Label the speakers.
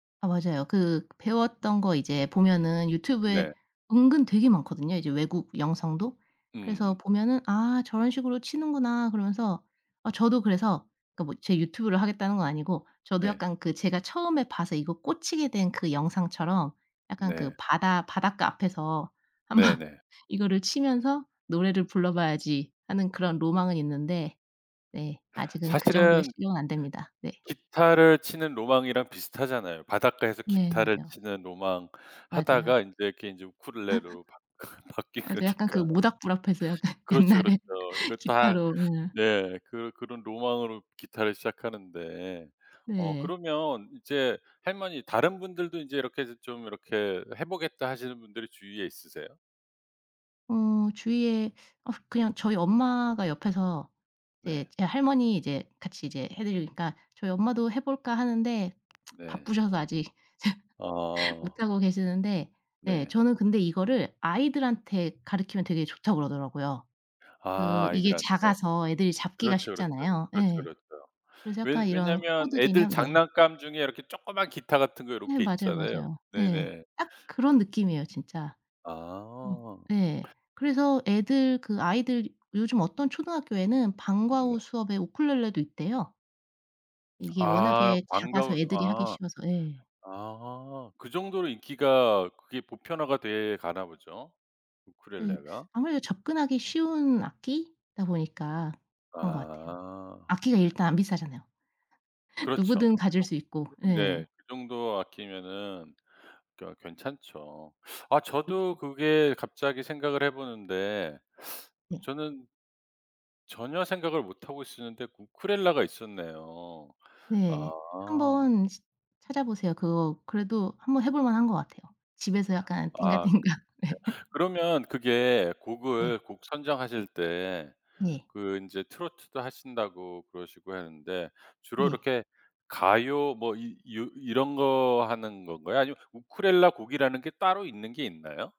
Speaker 1: 아 맞아요. 그 배웠던 거 이제 보면은 유튜브에
Speaker 2: 네.
Speaker 1: 은근 되게 많거든요, 이제 외국 영상도. 그래서
Speaker 2: 음.
Speaker 1: 보면은 '아 저런 식으로 치는구나.' 그러면서 아 저도 그래서 그 뭐 제 유튜브를 하겠다는 건 아니고 저도
Speaker 2: 네.
Speaker 1: 약간 그 제가 처음에 봐서 이거 꽂히게 된 그 영상처럼 약간 그
Speaker 2: 네.
Speaker 1: 바다 '바닷가 앞에서 한번
Speaker 2: 네네.
Speaker 1: 이거를 치면서 노래를 불러 봐야지.' 하는 그런 로망은 있는데 네 아직은 그 정도의
Speaker 2: 사실은
Speaker 1: 실력은 안됩니다. 네.
Speaker 2: 기타를 치는 로망이랑 비슷하잖아요. 바닷가에서
Speaker 1: 네.
Speaker 2: 기타를
Speaker 1: 맞아요.
Speaker 2: 치는 로망
Speaker 1: 맞아요.
Speaker 2: 하다가 인제 이렇게 이제 우쿨렐레로 바 바뀐
Speaker 1: 맞아요. 약간 그
Speaker 2: 거니까.
Speaker 1: 모닥불 앞에서 약간
Speaker 2: 그렇죠, 그렇죠.
Speaker 1: 옛날에
Speaker 2: 이거 다
Speaker 1: 기타로 예.
Speaker 2: 네. 그 그런 로망으로 기타를 시작하는데 어
Speaker 1: 네.
Speaker 2: 그러면 이제 할머니 다른 분들도 인제 이렇게 해서 좀 이렇게 해 보겠다 하시는 분들이 주위에 있으세요?
Speaker 1: 어 주위에 어 그냥 저희 엄마가 옆에서 이제
Speaker 2: 네.
Speaker 1: 제 할머니 이제 같이 이제 해 드리니까 저희 엄마도 해 볼까 하는데
Speaker 2: 네.
Speaker 1: 바쁘셔서 아직
Speaker 2: 아.
Speaker 1: 못하고 계시는데 네
Speaker 2: 네.
Speaker 1: 저는 근데 이거를 아이들한테 가르키면 되게 좋다고 그러더라고요.
Speaker 2: 아
Speaker 1: 그 이게
Speaker 2: 아이들한테.
Speaker 1: 작아서 애들이 잡기가
Speaker 2: 그렇죠, 그렇죠.
Speaker 1: 쉽잖아요.
Speaker 2: 그렇죠,
Speaker 1: 예.
Speaker 2: 그렇죠.
Speaker 1: 그래서
Speaker 2: 왜
Speaker 1: 약간 이런
Speaker 2: 왜냐면
Speaker 1: 코드
Speaker 2: 애들
Speaker 1: 개념 네.
Speaker 2: 장난감 중에 이렇게 조그만 기타 같은 거
Speaker 1: 네
Speaker 2: 요렇게
Speaker 1: 맞아요,
Speaker 2: 있잖아요.
Speaker 1: 맞아요. 네.
Speaker 2: 네네.
Speaker 1: 딱 그런 느낌이에요 진짜. 어
Speaker 2: 아.
Speaker 1: 네. 그래서 애들 그 아이들 요즘 어떤 초등학교에는 방과 후
Speaker 2: 네.
Speaker 1: 수업에 우쿨렐레도 있대요. 이게
Speaker 2: 아
Speaker 1: 워낙에
Speaker 2: 방과
Speaker 1: 작아서
Speaker 2: 후 수
Speaker 1: 애들이 하기
Speaker 2: 아.
Speaker 1: 쉬워서 예.
Speaker 2: 아. 그 정도로 인기가 그게 보편화가 돼 가나 보죠?
Speaker 1: 네
Speaker 2: 우쿨렐레가?
Speaker 1: 아무래도 접근하기 쉬운 악기다 보니까 그런 것 같아요.
Speaker 2: 아.
Speaker 1: 악기가 일단 안 비싸잖아요. 누구든
Speaker 2: 그렇죠.
Speaker 1: 가질
Speaker 2: 그정
Speaker 1: 수 있고. 예.
Speaker 2: 네 그 정도 아끼면은 그 어 괜찮죠. 아 저도
Speaker 1: 그쵸.
Speaker 2: 그게 갑자기 생각을 해 보는데
Speaker 1: 네.
Speaker 2: 저는 전혀 생각을 못 하고 있었는데 우쿨렐레가 있었네요. 아.
Speaker 1: 네. 한번 시 찾아보세요. 그거 그래도 한번 해 볼 만한 거 같아요. 집에서 약간
Speaker 2: 아 예
Speaker 1: 띵가띵가. 네.
Speaker 2: 그러면 그게
Speaker 1: 네.
Speaker 2: 곡을 곡 선정하실 때
Speaker 1: 네.
Speaker 2: 그 인제 트로트도 하신다고 그러시고 헀는데 주로
Speaker 1: 네.
Speaker 2: 이렇게 가요 뭐 이 요 이런 거 하는 건가요? 아니면 우쿨렐레 곡이라는 게 따로 있는 게 있나요?